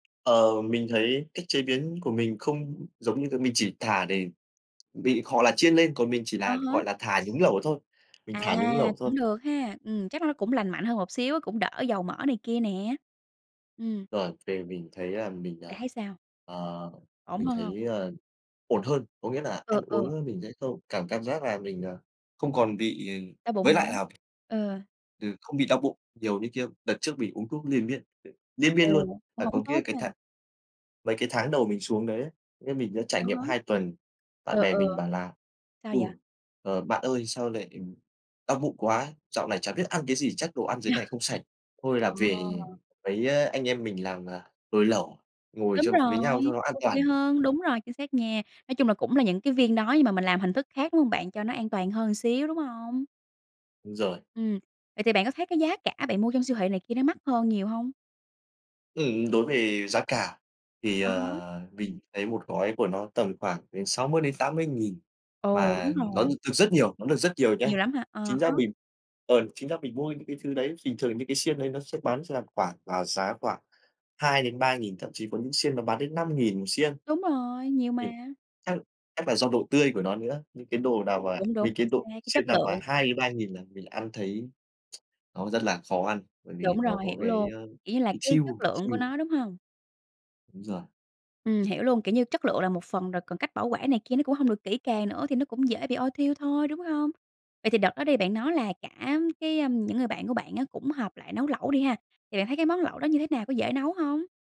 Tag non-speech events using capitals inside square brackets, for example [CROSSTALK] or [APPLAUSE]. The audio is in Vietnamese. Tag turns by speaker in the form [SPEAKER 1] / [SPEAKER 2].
[SPEAKER 1] Ờ, mình thấy cách chế biến của mình không giống như cái mình chỉ thả để bị hoặc là chiên lên còn mình chỉ
[SPEAKER 2] À
[SPEAKER 1] là,
[SPEAKER 2] há.
[SPEAKER 1] gọi là, thả nhúng lẩu thôi, mình
[SPEAKER 2] À,
[SPEAKER 1] thả nhúng lẩu thôi.
[SPEAKER 2] cũng được ha. Ừm, chắc là nó cũng lành mạnh hơn một xíu á, cũng đỡ dầu mỡ này kia nè. Ừm.
[SPEAKER 1] Rồi về mình thấy là mình,
[SPEAKER 2] Bạn
[SPEAKER 1] ờ,
[SPEAKER 2] thấy sao?
[SPEAKER 1] ờ,
[SPEAKER 2] Ổn
[SPEAKER 1] mình
[SPEAKER 2] hơn hông?
[SPEAKER 1] thấy, ờ, ổn hơn, có nghĩa là ăn
[SPEAKER 2] Ừ,
[SPEAKER 1] uống,
[SPEAKER 2] ừ.
[SPEAKER 1] ờ, mình sẽ không cảm cảm giác là mình, nờ, không còn bị, ừm,
[SPEAKER 2] Đau bụng
[SPEAKER 1] với
[SPEAKER 2] nữa.
[SPEAKER 1] lại là
[SPEAKER 2] Ừ.
[SPEAKER 1] ừ, không bị đau bụng nhiều như kia. Đợt trước mình uống thuốc liền miên, ừ, liên miên
[SPEAKER 2] Ồ!
[SPEAKER 1] luôn,
[SPEAKER 2] Cũng
[SPEAKER 1] phải
[SPEAKER 2] hổng
[SPEAKER 1] còn kia
[SPEAKER 2] tốt
[SPEAKER 1] cái
[SPEAKER 2] ha.
[SPEAKER 1] tháng mấy cái tháng đầu mình xuống đấy ấy, như mình đã trải
[SPEAKER 2] À
[SPEAKER 1] nghiệm
[SPEAKER 2] há.
[SPEAKER 1] 2 tuần, bạn
[SPEAKER 2] Ờ,
[SPEAKER 1] bè
[SPEAKER 2] ừ.
[SPEAKER 1] mình bảo là
[SPEAKER 2] Sao
[SPEAKER 1] "Ừ,
[SPEAKER 2] vậy?
[SPEAKER 1] ờ, bạn ơi sao lại, ừm, đau bụng quá! Dạo này chả biết ăn cái gì chắc đồ ăn dưới
[SPEAKER 2] Yeah.
[SPEAKER 1] này không sạch, thôi là
[SPEAKER 2] Ờ.
[SPEAKER 1] về mấy, à, anh em mình làm, à, nồi lẩu ngồi
[SPEAKER 2] Đúng
[SPEAKER 1] châm với
[SPEAKER 2] rồi,
[SPEAKER 1] nhau cho nó
[SPEAKER 2] thấy
[SPEAKER 1] an
[SPEAKER 2] ô kê
[SPEAKER 1] toàn."
[SPEAKER 2] hơn,
[SPEAKER 1] Á.
[SPEAKER 2] đúng rồi chính xác nha. Nói chung là cũng là những cái viên đó nhưng mà mình làm hình thức khác, đúng hông bạn, cho nó an toàn hơn xíu, đúng hông?
[SPEAKER 1] Đúng rồi.
[SPEAKER 2] Ừm, vậy thì bạn có thấy cái giá cả bạn mua trong siêu thị này kia nó mắc hơn nhiều hông?
[SPEAKER 1] Ừm, đối về giá cả thì,
[SPEAKER 2] À há.
[SPEAKER 1] ờ, mình thấy 1 gói của nó tầm khoảng đến 60.000-80.000
[SPEAKER 2] Ồ! Đúng
[SPEAKER 1] mà nó
[SPEAKER 2] rồi.
[SPEAKER 1] được được rất nhiều, nó được rất nhiều nhá.
[SPEAKER 2] Nhiều lắm hả? À
[SPEAKER 1] Chính ra
[SPEAKER 2] há.
[SPEAKER 1] mình ờ, chính ra mình mua những cái thứ đấy bình thường những cái xiên đấy nó sẽ bán ra khoảng vào giá khoảng 2.000-3.000 thậm chí có những xiên nó bán đến 5.000 1 xiên.
[SPEAKER 2] Đúng rồi, nhiều
[SPEAKER 1] Ừm,
[SPEAKER 2] mà.
[SPEAKER 1] chắc chắc là do độ tươi của nó nữa, những cái đồ
[SPEAKER 2] Ờ,
[SPEAKER 1] nào mà
[SPEAKER 2] đúng,
[SPEAKER 1] mấy
[SPEAKER 2] đúng,
[SPEAKER 1] cái
[SPEAKER 2] chính
[SPEAKER 1] đồ
[SPEAKER 2] xác cái chất
[SPEAKER 1] chiên nào
[SPEAKER 2] lượng.
[SPEAKER 1] mà 2.000-3.000 là mình ăn thấy [TSK] nó rất là khó ăn bởi vì
[SPEAKER 2] Đúng
[SPEAKER 1] nó
[SPEAKER 2] rồi,
[SPEAKER 1] có
[SPEAKER 2] hiểu
[SPEAKER 1] cái,
[SPEAKER 2] luôn,
[SPEAKER 1] ơ,
[SPEAKER 2] kiểu như là,
[SPEAKER 1] bị
[SPEAKER 2] cái
[SPEAKER 1] chiêu,
[SPEAKER 2] chất
[SPEAKER 1] ồ, bị
[SPEAKER 2] lượng của
[SPEAKER 1] chiêu.
[SPEAKER 2] nó, đúng hông?
[SPEAKER 1] Đúng rồi.
[SPEAKER 2] Ừm, hiểu luôn, kiểu như, chất lượng là một phần rồi còn cách bảo quản này kia nó cũng hông được kỹ càng nữa thì nó cũng dễ bị ôi thiu thôi, đúng hông? Vậy thì đợt đó đi bạn nói là cả, cái ưm, những người bạn của bạn á cũng họp lại nấu lẩu đi ha, thì bạn thấy cái món lẩu đó như thế nào, có dễ nấu hông?